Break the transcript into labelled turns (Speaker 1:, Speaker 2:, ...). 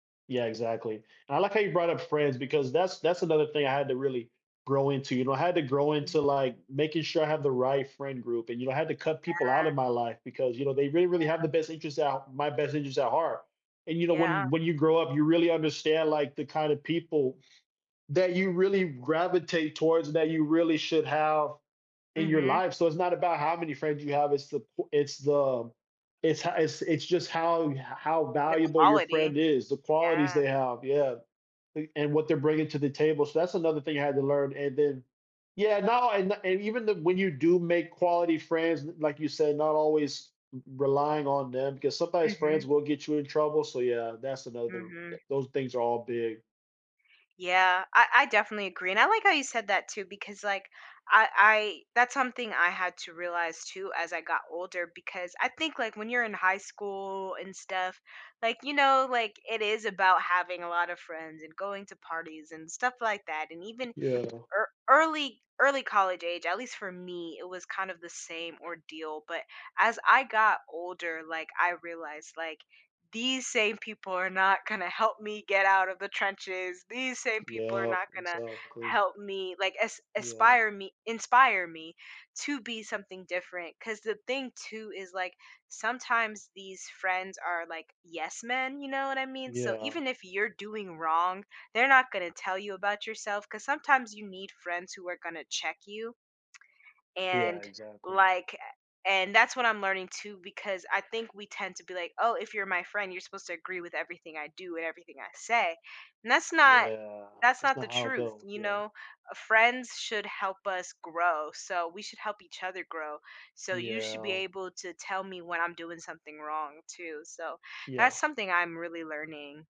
Speaker 1: Yeah, exactly, and I like how you brought up friends because that's that's another thing I had to really grow into, you know, I had to grow
Speaker 2: Mm.
Speaker 1: into, like, making sure I have the right friend group, and, you know, I had to cut people out
Speaker 2: Yeah.
Speaker 1: in my life because, you know, they really, really have
Speaker 2: Yeah.
Speaker 1: the best interests out my best interests at heart, and, you know,
Speaker 2: Yeah.
Speaker 1: when when you grow up, you really understand, like, the kind of people that you really gravitate towards, that you really should have in your
Speaker 2: Mhm.
Speaker 1: life. So it's not about how many friends you have, it's the po it's the it's ho it's it's just how h how
Speaker 2: The
Speaker 1: valuable your
Speaker 2: quality,
Speaker 1: friend is, the qualities
Speaker 2: yeah.
Speaker 1: they have. Yeah, a and what they're bringing to the table, so that's another thing you had to learn, and then yeah, no, and the and even then, when you do make quality friends, l like you said, not always r relying on them because sometimes friends
Speaker 2: Mhm.
Speaker 1: will get you in trouble, so, yeah, that's another t
Speaker 2: Mhm.
Speaker 1: those things are all big.
Speaker 2: Yeah, I I definitely agree, and I like how you said that too, because, like, I I that's something I had to realize too, as I got older, because I think, like, when you're in high school and stuff, like, you know, like, it is about having a lot of friends, and going to parties, and stuff like that, and even ea
Speaker 1: Yeah.
Speaker 2: early early college age, at least for me, it was kind of the same ordeal, but as I got older, like, I realized, like, these same people are not gonna help me get out of the trenches, these same people are
Speaker 1: Yep,
Speaker 2: not gonna
Speaker 1: exactly.
Speaker 2: help me, like, is
Speaker 1: Yeah.
Speaker 2: ispire me inspire me to be something different, 'cause the thing, too, is, like, sometimes these friends are like, yes men, you know what I mean? So
Speaker 1: Yeah.
Speaker 2: even if you're doing wrong, they're not gonna tell you about yourself, 'cause sometimes you need friends who are gonna check you
Speaker 1: Yeah,
Speaker 2: and,
Speaker 1: exactly.
Speaker 2: like, a and that's what I'm learning too, because I think we tend to be like, "Oh, if you're my friend, you're supposed to agree with everything I do and everything I say." And that's not
Speaker 1: Yeah,
Speaker 2: that's
Speaker 1: that's
Speaker 2: not the
Speaker 1: not how it
Speaker 2: truth.
Speaker 1: goes,
Speaker 2: You
Speaker 1: yeah.
Speaker 2: know, friends should help us grow, so we should help each other grow. So you should be
Speaker 1: Yeah.
Speaker 2: able to tell me when I'm doing something wrong too, so that's
Speaker 1: Yeah.
Speaker 2: something I'm really learning.